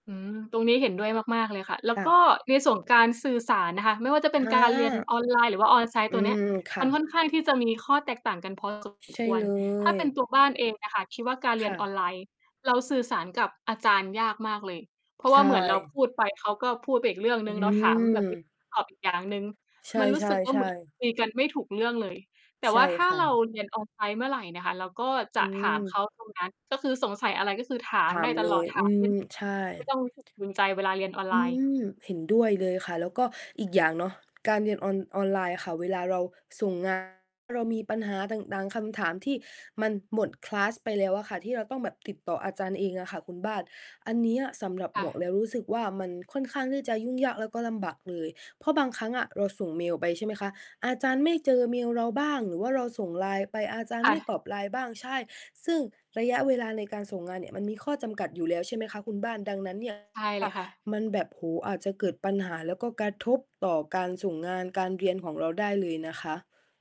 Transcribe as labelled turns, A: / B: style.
A: อืม ตรงนี้เห็นด้วยมาก ๆ เลยค่ะ แล้
B: ค
A: ว
B: ่
A: ก็
B: ะ
A: ในส่วนการสื่อสารนะคะ ไม่ว่าจะเป
B: อ
A: ็
B: า
A: นการเรียนออนไลน์ หรือว่า
B: อ
A: on-site
B: ื
A: ตัวนี้
B: ม ค
A: ม
B: ่
A: ั
B: ะ
A: นค่อนข้างที่จะมีข้อแตกต่างกัน พอสม
B: ใช
A: ค
B: ่
A: ว
B: เ
A: ร
B: ล
A: ถ้าเป็น
B: ย
A: ตัวบ้านเองอะค่ะ คิดว่าการเร
B: ค
A: ียน
B: ่
A: อ
B: ะ
A: อนไลน์ เราสื่อสารกับอาจารย์ยากมากเลย เพราะ
B: ใ
A: ว
B: ช
A: ่าเหมือนเรา
B: ่
A: พูดไปเขาก็พูดไปอีกเรื่องหน
B: อ
A: ึ
B: ื
A: ่ง เราถามแบบ นี้
B: ม
A: ตอบอีกอย่างหนึ่ง
B: ใช
A: มันรู้สึกว่า เหมื
B: ่
A: อน
B: ๆ ๆ
A: คุยกันไม่ถูกเรื่องเลย แต่
B: ใช
A: ว่
B: ่
A: าถ้า
B: ค่
A: เรา
B: ะ
A: เรียน on-site เมื่อไหร่นะคะ เราก็จ
B: อื
A: ะถามเ
B: อ
A: ขาตรงนั้น ก็คือสงสัยอะไรก็คือถา
B: ถ
A: มไ
B: า
A: ด้
B: ม
A: ต
B: เล
A: ลอด
B: ย
A: ถ
B: อ
A: า
B: ื
A: ม [unintelligible]
B: อ ใช่
A: ไม่ต้อง รู้สึก ภูมิใจเวลาเรียนออนไ
B: อื
A: ลน์
B: ม เห็นด้วยเลยค่ะ แล้วก็อีกอย่างเนาะ การเรียนออน ออนไลน์ค่ะ เวลาเราส่ง งาน เรามีปัญหาต่าง ๆ คำถามที่มันหมด คลาส ไปแล้วอะค่ะ ที่เราต้องแบบติดต่ออาจารย์เองอะค่ะคุณบ้าน อันนี้อะสำหรับ
A: ค
B: ห
A: ่
B: มวก
A: ะ
B: แล้วรู้สึกว่า มันค่อนข้างที่จะยุ่งยาก แล้วก็ลำบากเลย เพราะบางครั้งอะเราส่งเมลไป ใช่ไหมคะ อาจารย์ไม่เจอเมลเราบ้าง หรือว่าเราส่ง LINE ไป อาจารย
A: ค
B: ์ไ
A: ่
B: ม่
A: ะ
B: ตอบ LINE บ้าง ใช่ ซึ่งระยะเวลาในการส่งงานเนี่ยมันมีข้อจำกัดอยู่แล้ว ใช่ไหมคะ คุณบ้าน ดังนั้น เนี่ย
A: ใช่เล
B: ค่ะ
A: ยค่ะ
B: มันแบบ โอ้โฮ อาจจะเกิดปัญหา แล้วก็กระทบต่อการส่งงาน การเรียนของเราได้เลยนะคะ